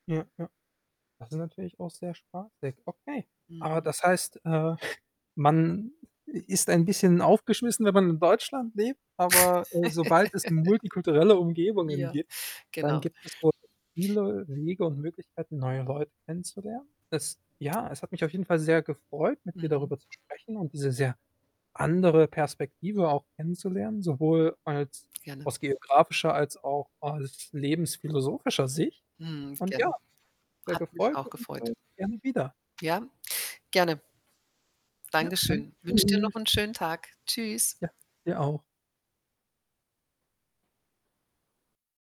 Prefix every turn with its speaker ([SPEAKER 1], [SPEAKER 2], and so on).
[SPEAKER 1] Ja, ja. Das ist natürlich auch sehr spaßig. Okay. Aber
[SPEAKER 2] Mhm.
[SPEAKER 1] das heißt, äh, man i ist ein bisschen aufgeschmissen, wenn man in Deutschland lebt, aber, äh, sobald es 'ne multikulturelle Umgebungen
[SPEAKER 2] Ja,
[SPEAKER 1] gibt, dann
[SPEAKER 2] genau.
[SPEAKER 1] gibt es wohl viele Wege und Möglichkeiten, neue Leute kennenzulernen. Es ja, es hat mich auf jeden Fall sehr gefreut, mit dir
[SPEAKER 2] Mhm.
[SPEAKER 1] darüber zu sprechen und diese sehr andere Perspektive auch kennenzulernen, sowohl als
[SPEAKER 2] Gerne.
[SPEAKER 1] aus geografischer als auch als lebensphilosophischer Sicht
[SPEAKER 2] Mhm,
[SPEAKER 1] und ja,
[SPEAKER 2] gerne.
[SPEAKER 1] sehr
[SPEAKER 2] Hat mich
[SPEAKER 1] gefreut
[SPEAKER 2] auch
[SPEAKER 1] und,
[SPEAKER 2] gefreut.
[SPEAKER 1] äh, gerne wieder.
[SPEAKER 2] Ja, gerne.
[SPEAKER 1] Ja,
[SPEAKER 2] Danke
[SPEAKER 1] dann,
[SPEAKER 2] schön. Wünsche dir noch
[SPEAKER 1] Tschüss.
[SPEAKER 2] 'n schönen Tag. Tschüss.
[SPEAKER 1] Ja, dir auch.